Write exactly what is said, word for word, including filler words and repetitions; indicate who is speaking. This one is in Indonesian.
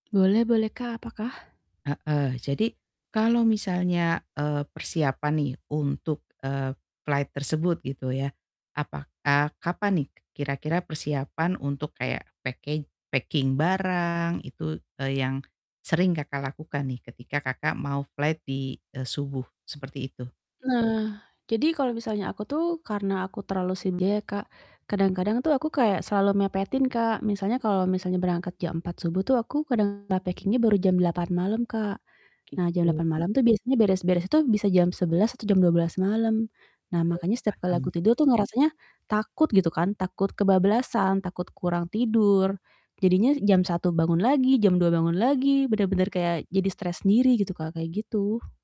Speaker 1: Boleh-boleh Kak, apakah?
Speaker 2: Heeh, jadi kalau misalnya, eee, persiapan nih untuk, eee, flight tersebut gitu ya, apakah kapan nih kira-kira persiapan untuk kayak packing packing barang itu, eee, yang, sering Kakak, lakukan nih ketika Kakak, mau flight di, eee, subuh seperti itu.
Speaker 1: Nah, jadi kalo misalnya aku tuh, karena aku terlalu sendiri ya Kak, kadang-kadang tuh aku kayak selalu mepetin Kak, misalnya kalo misalnya berangkat jam empat subuh tuh aku kadang nah, packing-nya baru jam delapan malam Kak, nah jam
Speaker 2: Gitu.
Speaker 1: delapan malam tuh biasanya beres-beres tuh bisa jam sebelas atau jam dua belas malam, nah
Speaker 2: Oke
Speaker 1: makanya setiap kali aku
Speaker 2: paham.
Speaker 1: tidur tuh ngerasanya, takut gitu kan, takut kebablasan, takut kurang tidur, jadinya jam satu bangun lagi, jam dua bangun lagi, benar-benar kayak jadi stres sendiri gitu Kak, kayak gitu.